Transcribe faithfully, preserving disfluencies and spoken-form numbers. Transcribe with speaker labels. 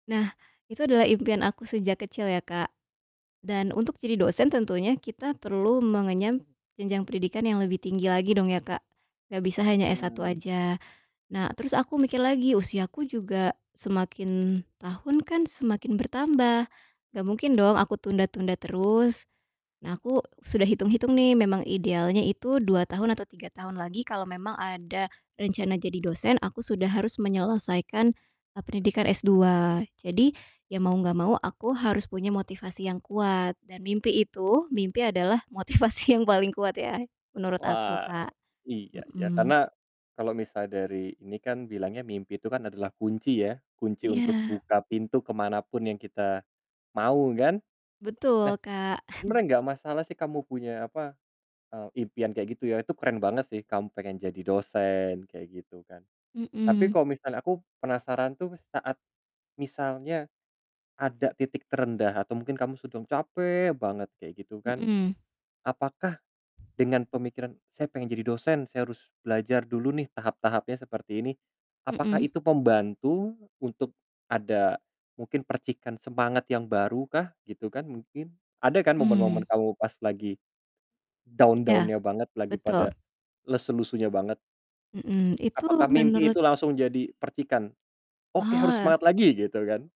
Speaker 1: Nah itu adalah impian aku sejak kecil ya Kak, dan untuk jadi dosen tentunya kita perlu mengenyam jenjang pendidikan yang lebih tinggi lagi dong ya Kak. Gak bisa hanya S1
Speaker 2: Mmm.
Speaker 1: aja. Nah terus aku mikir lagi usiaku juga semakin tahun kan semakin bertambah gak mungkin dong aku tunda-tunda terus. Nah aku sudah hitung-hitung nih memang idealnya itu dua tahun atau tiga tahun lagi kalau memang ada rencana jadi dosen aku sudah harus menyelesaikan e pendidikan S2. Jadi ya mau gak mau aku harus punya motivasi yang kuat dan mimpi itu, mimpi adalah motivasi yang paling kuat ya menurut aku
Speaker 2: Wah
Speaker 1: Kak.
Speaker 2: iya, ya
Speaker 1: Mhm.
Speaker 2: karena kalau misal dari ini kan bilangnya mimpi itu kan adalah kunci ya. Kunci untuk
Speaker 1: Iya.
Speaker 2: buka pintu kemanapun yang kita mau kan. Nah
Speaker 1: Betul Kak.
Speaker 2: sebenernya gak masalah sih kamu punya apa, eee, impian kayak gitu ya itu keren banget sih kamu pengen jadi dosen kayak gitu kan. Tapi
Speaker 1: Mhm.
Speaker 2: kalau misalnya aku penasaran tuh saat misalnya ada titik terendah atau mungkin kamu sedang capek banget kayak gitu kan
Speaker 1: Mhm.
Speaker 2: apakah dengan pemikiran, "Saya pengen jadi dosen, saya harus belajar dulu nih tahap-tahapnya seperti ini," apakah
Speaker 1: Mhm.
Speaker 2: itu pembantu untuk ada, mungkin percikan semangat yang baru kah gitu kan mungkin? Ada kan momen-momen
Speaker 1: Mmm.
Speaker 2: kamu pas lagi
Speaker 1: Iya
Speaker 2: down-down-nya banget, lagi
Speaker 1: betul.
Speaker 2: pada lesu-lesunya banget.
Speaker 1: Mhm, itu
Speaker 2: Apakah mimpi
Speaker 1: menurut
Speaker 2: itu langsung jadi percikan, "Oke harus
Speaker 1: Oh.
Speaker 2: semangat lagi." Gitu kan?